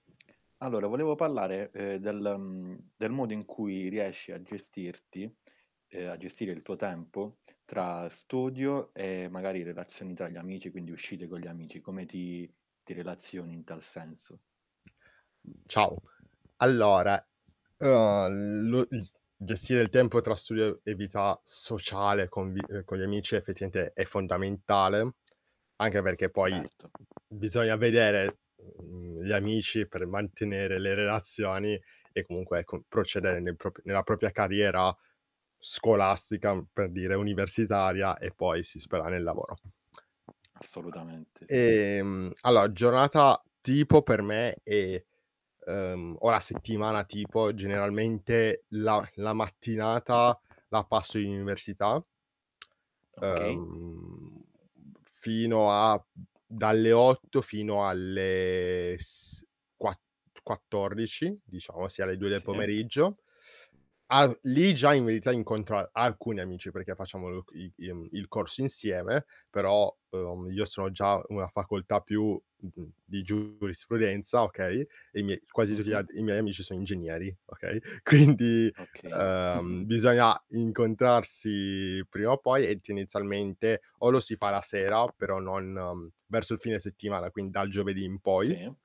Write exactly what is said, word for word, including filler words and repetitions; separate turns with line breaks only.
Allora volevo pallare, ehm, del mhmm, del modo in cui riesci a gestirti, ehm, a gestire il tuo tempo, tra studio e magari relazioni tra gli amici, quindi uscite con gli amici, come ti ti relazioni in tal senso?
Ciao. Allora, uhm lo i gestire il tempo tra studio e vita sociale con vi ehm, con gli amici effettivamente è fondamentale, anche perché poi
Certo.
bisogna vedere, mhmm, gli amici per mantenere le relazioni e comunque, ecco, procedere nei propi nella propia carriera scolastica, mhmm, per dire, universitaria, e poi si spera nel lavoro. [unintelligible]
Assolutamente, sì.
Ehm, allora giornata tipo per me è, ehm, o la settimana tipo, generalmente la la mattinata la passo in università
Okay.
ehm, fino a dalle otto fino alle s quatt quattordici diciamo, sì, alle due del
Sì.
pomeriggio. All lì già in verità incontro a alcuni amici, perché facciamo loc i im il corso insieme. Però, uhm, io sono già una facoltà più [unintelligible] di giurisprudenza, okay, e i miei quasi tutti gli
Mh-mh.
altri i miei amici sono ingegneri, okay, quindi,
Okay..
ehm, bisogna incontrarsi prima o poi e tenezialmente o lo si fa la sera, però non verso il fine settimana, quin dal giovedì in poi.
Sì.